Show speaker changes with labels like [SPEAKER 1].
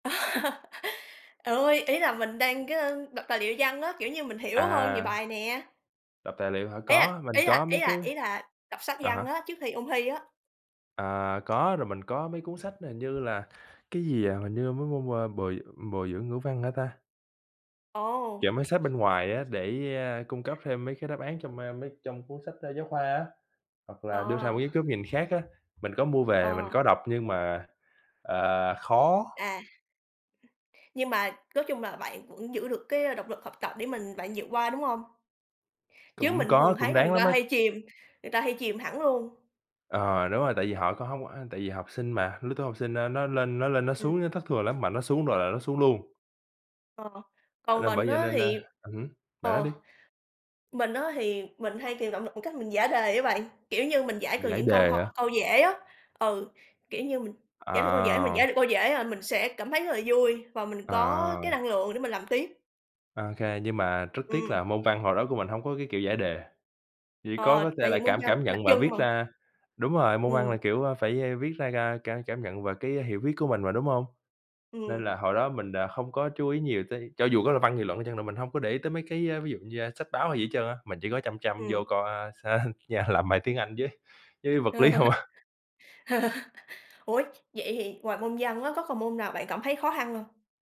[SPEAKER 1] À, ôi, ý là mình đang cái, ơ, đọc tài liệu văn á, kiểu như, mình hiểu hơn về
[SPEAKER 2] À.
[SPEAKER 1] bài nè.
[SPEAKER 2] Đọc tài liệu hả?
[SPEAKER 1] Ý là
[SPEAKER 2] Có, mình
[SPEAKER 1] ý
[SPEAKER 2] có
[SPEAKER 1] là ý
[SPEAKER 2] mấy cái
[SPEAKER 1] là ý là đọc sách
[SPEAKER 2] à
[SPEAKER 1] văn
[SPEAKER 2] há.
[SPEAKER 1] á, trước khi ôn thi á.
[SPEAKER 2] À, có, rồi mình có mấy cuốn sách hình như là cái gì, à, hình như mấy môn, a, bồi bồi dưỡng ngữ văn hả ta?
[SPEAKER 1] Ồ.
[SPEAKER 2] Chọn mấy sách bên ngoài á để, ơ, cung cấp thêm mấy cái đáp án trong, a, mấy trong cuốn sách, ơ, giáo khoa á, hoặc là đưa ra một
[SPEAKER 1] Ờ.
[SPEAKER 2] ít góc nhìn khác á, mình có mua về, mình
[SPEAKER 1] Ờ.
[SPEAKER 2] có đọc nhưng mà, à, khó.
[SPEAKER 1] À. Nhưng mà nói chung là bạn vẫn giữ được cái, a, động lực học tập để mình bạn vượt qua, đúng hông? Chứ
[SPEAKER 2] Cũng
[SPEAKER 1] mình thường
[SPEAKER 2] có, cũng
[SPEAKER 1] thấy là người
[SPEAKER 2] ráng lắm
[SPEAKER 1] ta
[SPEAKER 2] á.
[SPEAKER 1] hay chìm người ta hay chìm hẳn luôn.
[SPEAKER 2] Ờ, đúng rồi, tại vì họ có hông á, tại vì học sinh mà, lứa tuổi học sinh, a, nó lên nó lên nó
[SPEAKER 1] Ừm.
[SPEAKER 2] xuống á thất thường lắm, mà nó xuống rồi là nó xuống luôn.
[SPEAKER 1] Ờ, còn
[SPEAKER 2] Là
[SPEAKER 1] mình
[SPEAKER 2] bởi vậy
[SPEAKER 1] á
[SPEAKER 2] nên, a
[SPEAKER 1] thì
[SPEAKER 2] ừm hứm, bạn nói
[SPEAKER 1] ờ,
[SPEAKER 2] đi.
[SPEAKER 1] mình á thì mình hay tìm động lực bằng cách mình giải đề á bạn, kiểu như, mình giải cần
[SPEAKER 2] Giải
[SPEAKER 1] những câu
[SPEAKER 2] đề hả?
[SPEAKER 1] ho câu dễ á, ừ, kiểu như, mình giải được câu dễ mình
[SPEAKER 2] À.
[SPEAKER 1] giải được câu dễ, à, mình sẽ cảm thấy rất là vui và mình có
[SPEAKER 2] À.
[SPEAKER 1] cái năng lượng để mình làm tiếp.
[SPEAKER 2] Ô kê, nhưng mà rất tiếc
[SPEAKER 1] Ừm.
[SPEAKER 2] là môn văn hồi đó của mình hông có cái kiểu giải đề, chỉ có
[SPEAKER 1] Ờ,
[SPEAKER 2] có tê
[SPEAKER 1] tại
[SPEAKER 2] là
[SPEAKER 1] vì môn
[SPEAKER 2] cảm
[SPEAKER 1] văn
[SPEAKER 2] cảm
[SPEAKER 1] cũng đặc
[SPEAKER 2] nhận và
[SPEAKER 1] trưng
[SPEAKER 2] viết
[SPEAKER 1] mà.
[SPEAKER 2] ra đúng rồi, môn văn là,
[SPEAKER 1] Ừm.
[SPEAKER 2] kiểu, a, phải, a, viết ra ca cả cảm nhận về cái hiểu viết của mình mà, đúng hông? Nên
[SPEAKER 1] Ừm.
[SPEAKER 2] là hồi đó mình đ không có chú ý nhiều tới, cho dù có là văn nghị luận đi chăng nữa mình hông có để ý tới mấy cái, a, ví dụ như, a, sách báo hay gì hết trơn á, mà chỉ có chăm chăm vô
[SPEAKER 1] Ừm.
[SPEAKER 2] coi, a, sên yeah, làm bài tiếng Anh với với vật lý không à.
[SPEAKER 1] Ủa, vậy thì ngoài môn văn á, có còn môn nào bạn cảm thấy khó khăn hông?